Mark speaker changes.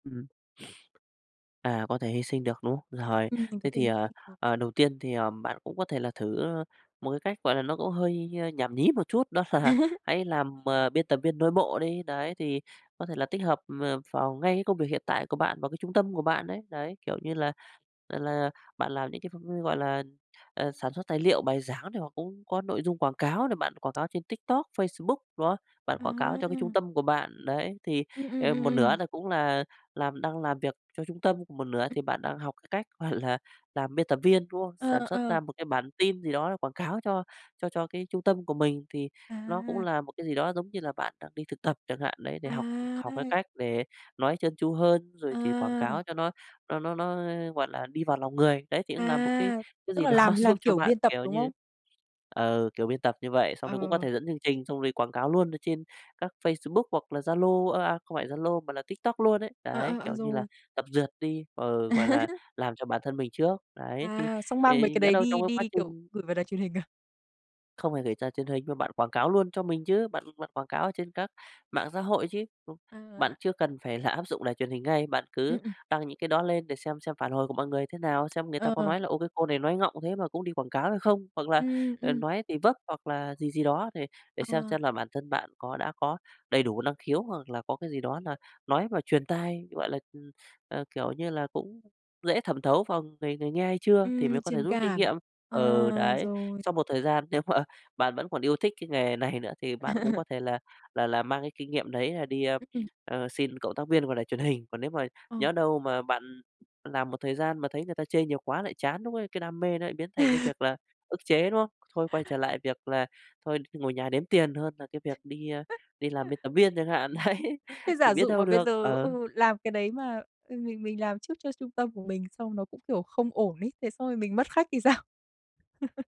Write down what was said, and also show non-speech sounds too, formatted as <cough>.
Speaker 1: Ừm. <sniffs> À, có thể hy sinh được, đúng không? Rồi,
Speaker 2: Ừm, mình
Speaker 1: thế
Speaker 2: có thể
Speaker 1: thì,
Speaker 2: hy
Speaker 1: ờ,
Speaker 2: sinh được.
Speaker 1: ờ, đầu tiên thì, ờ, bạn cũng có thể là thử một cái cách, gọi là, nó cũng hơi, ơ, nhảm nhí một chút đó là
Speaker 2: <laughs>
Speaker 1: hãy làm, à, biên tập viên nội bộ đi. Đấy, thì có thể là tích hợp, ờ, vào ngay cái công việc hiện tại của bạn vào cái trung tâm của bạn đấy. Đấy, kiểu như là là, bạn làm những cái ph gọi là, à, sản xuất tài liệu, bài giảng này hoặc cũng có nội dung quảng cáo này, bạn quảng cáo trên TikTok, Facebook đó, bạn quảng cáo cho cái trung
Speaker 2: À!
Speaker 1: tâm của bạn. Đấy thì,
Speaker 2: Ừm, ừm,
Speaker 1: ờ,
Speaker 2: ừm,
Speaker 1: một nửa
Speaker 2: ừm.
Speaker 1: là cũng là làm đang làm việc cho trung tâm, còn một nửa
Speaker 2: Ừm.
Speaker 1: thì bạn đang học cái cách, gọi là, làm biên tập viên, đúng không? Sản
Speaker 2: Ờ,
Speaker 1: xuất ra
Speaker 2: ờ.
Speaker 1: một cái bản tin gì đó để quảng cáo cho cho cho cái trung tâm của mình, thì nó cũng
Speaker 2: À!
Speaker 1: là một cái gì đó giống như là bạn đang đi thực tập chẳng hạn, đấy để học học cái
Speaker 2: À!
Speaker 1: cách để nói trơn tru hơn rồi thì quảng
Speaker 2: À!
Speaker 1: cáo cho nó nó nó nó, gọi là, đi vào lòng người. Đấy, thì cũng là một cái
Speaker 2: À, tức
Speaker 1: gì
Speaker 2: là
Speaker 1: đó
Speaker 2: làm
Speaker 1: giúp
Speaker 2: làm
Speaker 1: cho
Speaker 2: kiểu
Speaker 1: bạn,
Speaker 2: biên tập,
Speaker 1: kiểu
Speaker 2: đúng
Speaker 1: như
Speaker 2: không?
Speaker 1: ừ, kiểu, biên tập như vậy, xong
Speaker 2: Ờ.
Speaker 1: rồi cũng có thể dẫn chương trình xong rồi quảng cáo luôn ở trên các Facebook hoặc là Zalo ơ, à, không phải Zalo mà là TikTok luôn ấy.
Speaker 2: À,
Speaker 1: Đấy,
Speaker 2: à, à,
Speaker 1: kiểu như là
Speaker 2: rồi.
Speaker 1: tập duyệt đi, ờ, gọi là,
Speaker 2: <laughs>
Speaker 1: làm cho bản thân mình trước. Đấy, thì
Speaker 2: À, xong mang mấy
Speaker 1: thì
Speaker 2: cái
Speaker 1: nhỡ
Speaker 2: đấy
Speaker 1: đâu trong
Speaker 2: đi
Speaker 1: cái quá
Speaker 2: đi, kiểu,
Speaker 1: trình
Speaker 2: gửi vào đài truyền hình à?
Speaker 1: Không phải gửi ra truyền hình mà bạn quảng cáo luôn cho mình chứ. Bạn bạn quảng cáo trên các mạng xã hội chứ. Không, bạn
Speaker 2: À.
Speaker 1: chưa cần phải là áp dụng đài truyền hình ngay, bạn cứ
Speaker 2: Ừm, ừm.
Speaker 1: đăng những cái đó lên để xem xem phản hồi của mọi người thế nào, xem người ta có
Speaker 2: Ừ.
Speaker 1: nói là "Ô, cái cô này nói ngọng thế mà cũng đi quảng cáo" hay không, hoặc là,
Speaker 2: Ừm,
Speaker 1: ờ,
Speaker 2: ừm.
Speaker 1: nói thì vấp hoặc là gì gì đó để để xem
Speaker 2: Ờ.
Speaker 1: xem là bản thân bạn có đã có đầy đủ năng khiếu hoặc là có cái gì đó là nói mà truyền tai, gọi là, ừm, à, kiểu như là, cũng dễ thẩm thấu vào người người nghe hay chưa thì mới
Speaker 2: Ừm,
Speaker 1: có thể
Speaker 2: truyền
Speaker 1: rút kinh nghiệm.
Speaker 2: cảm,
Speaker 1: Ừ,
Speaker 2: ờ,
Speaker 1: đấy,
Speaker 2: rồi.
Speaker 1: sau một thời gian nếu mà bạn vẫn còn yêu thích cái nghề này nữa thì bạn cũng có
Speaker 2: <laughs>
Speaker 1: thể là là là mang cái kinh nghiệm đấy là đi, ơ,
Speaker 2: Ừm.
Speaker 1: ơ, xin cộng tác viên vào đài truyền hình. Còn nếu mà
Speaker 2: Ờ.
Speaker 1: nhỡ đâu mà bạn làm một thời gian mà thấy người ta chê nhiều quá lại chán, lúc đấy cái đam mê nó lại biến thành cái
Speaker 2: <laughs>
Speaker 1: việc là ức chế, đúng không? Thôi quay trở lại việc là thôi ngồi nhà đếm tiền hơn là cái việc đi, ờ, đi làm bên
Speaker 2: <laughs>
Speaker 1: tập viên chẳng hạn, đấy,
Speaker 2: Thế
Speaker 1: thì
Speaker 2: giả
Speaker 1: biết
Speaker 2: dụ mà
Speaker 1: đâu
Speaker 2: bây
Speaker 1: được,
Speaker 2: giờ ừ,
Speaker 1: ừ.
Speaker 2: làm cái đấy mà mình mình mình làm trước cho trung tâm của mình xong nó cũng, kiểu, không ổn ấy, thế xong rồi mình mất khách thì sao? <laughs>